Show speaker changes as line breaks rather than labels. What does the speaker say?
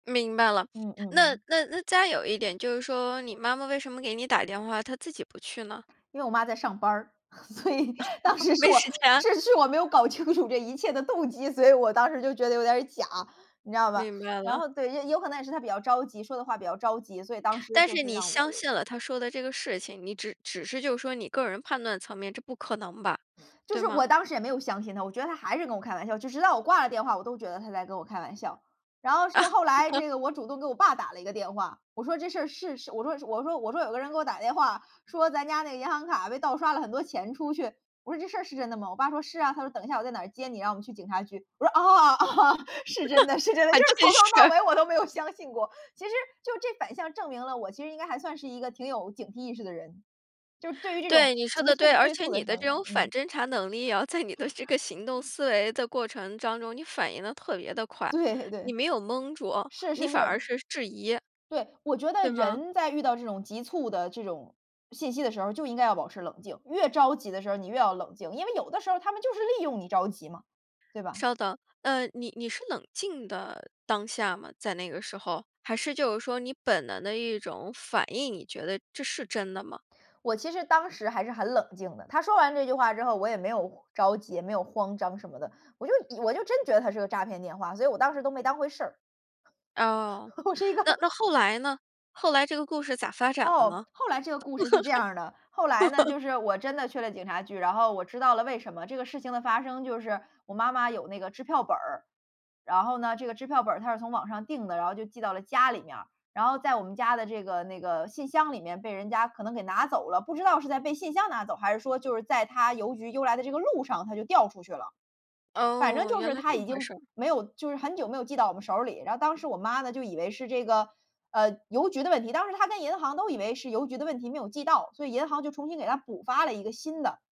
明白了，
嗯嗯
那
嗯。
那那再有一点就是说你妈妈为什么给你打电话，她自己不去呢？
因为我妈在上班儿，所以当 时是
没
我
时间。
是是我没有搞清楚这一切的动机，所以我当时就觉得有点儿假，你知道吧。
明白
然
了。
后对，有可能也是他比较着急，说的话比较着急，所以当时
但
就
是
是
你
让我
相
有
信了他说的这个事情，你只只是就是说你个人判断层面，这不可能吧，
就
对
是
吗？
我当时也没有相信他，我觉得他还是跟我开玩笑，直直到我挂了电话，我都觉得他在跟我开玩笑。然后是后来 这个我主动给我爸打了一个电话，我说这事儿是是我说我说我说有个人给我打电话，说咱家那银行卡被盗刷了很多钱出去，我说：“这事儿是真的吗？“我爸说：”是啊。”他说：“等一下我在哪接你？然后我们去警察局。”我说：“啊，啊，是真的，是真 的。”就
还
是
真
从头到
是。
尾我都没有相信过，其实就这反向证明了我其实应该还算是一个挺有警惕意识的人，就是对于这种
对，你说
急
的对。
促
而
催
且
促
你
的
的
声音，
这种反
嗯。
侦查能力哦，在你的这个行动思维的过程当中，你反应得特别地快，
对
你
对。
没有懵住，
是
你
是是。
反而是质疑。
对，我觉得
对吗？
人在遇到这种急促的这种信息的时候儿就应该要保持冷静，越着急的时候儿你越要冷静，因为有的时候儿他们就是利用你着急嘛，对吧。
稍等。呃，你你是冷静的当下吗，在那个时候？还是就是说你本能的一种反应，你觉得这是真的吗？
我其实当时还是很冷静的，他说完这句话之后，我也没有着急，也没有慌张什么的，我就以我就真觉得它是个诈骗电话，所以我当时都没当回事儿。
哦，
我是一个
那那后来呢？后来这个故事咋发展的
哦，
呢？
后来这个故事是这样儿的。后来呢，就是我真的去了警察局，然后我知道了为什么，这个事情的发生就是我妈妈有那个支票本儿，然后呢，这个支票本儿她是从网上订的，然后就寄到了家里面儿，然后在我们家的这个那个信箱里面被人家可能给拿走了，不知道是在被信箱拿走，还是说就是在它邮局邮来的这个路上它就掉出去了。反正
哦，
就
原
是
来
它
这么
已
回
经
事儿。
没有就是很久没有寄到我们手儿里，然后当时我妈呢，就以为是这个，呃，邮局的问题，当时她跟银行都以为是邮局的问题没有寄到，所以银行就重新给她补发了一个新的。